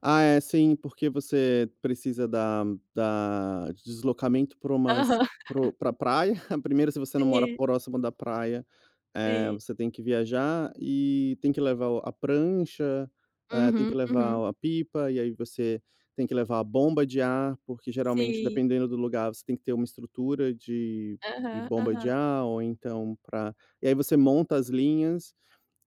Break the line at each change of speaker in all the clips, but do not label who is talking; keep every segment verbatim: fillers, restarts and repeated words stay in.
Ah, é. Sim. Porque você precisa da da de deslocamento pra umas
Aham.
pro pra praia. primeiro, se você não mora
Sim.
próximo da praia, eh,
Sim.
você tem que viajar e tem que levar o a prancha, eh, tem
Uhum,
que levar
uhum.
o a pipa. E aí você tem que levar a bomba de ar. Porque, geralmente,
Sim.
dependendo do lugar, você tem que ter uma estrutura de de
Aham,
bomba de
aham.
ar. Ou então pra e aí você monta as linhas.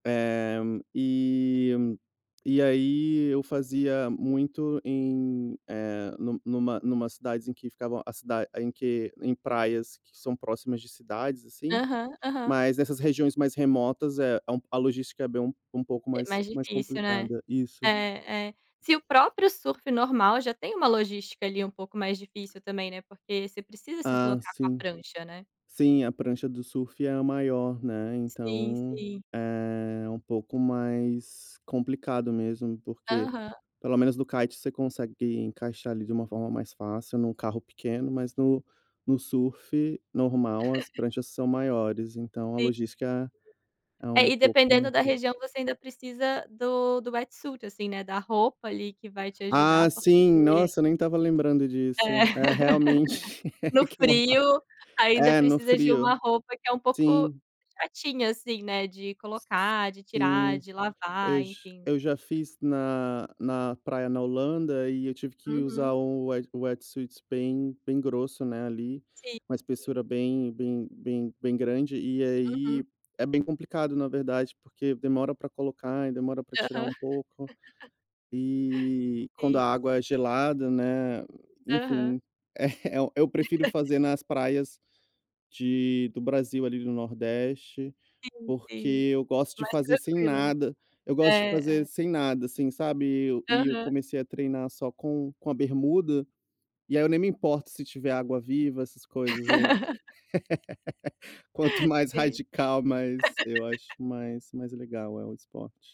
Eh, e e aí eu fazia muito em, eh, numa numa cidades em que ficavam a cida em que em praias que são próximas de cidades, assim.
Aham, aham.
Mas nessas regiões mais remotas, eh, é um p a logística é bem um pouco
É
mais
mais
mais
difícil, né.
complicada. Isso.
É, é. Se o próprio surfe normal já tem uma logística ali um pouco mais difícil também, né, porque você precisa se
Ah,
deslocar com a
sim.
prancha, né.
Sim, a prancha do surf é a maior, né?
Sim,
Então
sim.
é um pouco mais complicado mesmo. Porque,
Aham.
pelo menos no kite, você consegue encaixar ali de uma forma mais fácil em um carro pequeno. Mas, no no surf normal, as pranchas são maiores. Então a
Sim.
logística é
É,
um
e, dependendo
pouco
da região, você ainda precisa do do wetsuit, assim, né, da roupa ali que vai te
Ah,
ajudar,
sim.
porque
Nossa, nem estava lembrando
É.
disso. É, realmente.
No
Que malvado.
frio, ainda
É, no
precisa de uma
frio.
roupa que é um pouco
Sim.
chatinha assim, né, de colocar, de tirar,
Sim,
de
eu
lavar,
j
enfim.
eu já fiz na na praia na Holanda. E eu tive que
Uhum.
usar o o wet wetsuit bem bem grosso, né, ali.
Sim,
Uma
sim.
espessura bem bem bem grande. E
Uhum.
aí é bem complicado, na verdade, porque demora pra colocar e demora pra tirar
Aham.
um pouco. E, quando a
Sim.
água é gelada, né,
Aham.
enfim É E eu prefiro fazer nas praias de do Brasil ali do Nordeste,
Sim, sim.
porque eu gosto de
Mais
fazer sem
tranquila, né?
nada. Eu gosto de
É,
fazer
é.
sem nada, assim, sabe? E eu e eu
Aham.
comecei a treinar só com com a bermuda. E aí eu nem me importo se tiver água-viva, essas coisas. Eu Quanto mais
Sim.
radical, mais eu acho mais mais legal, é, o esporte.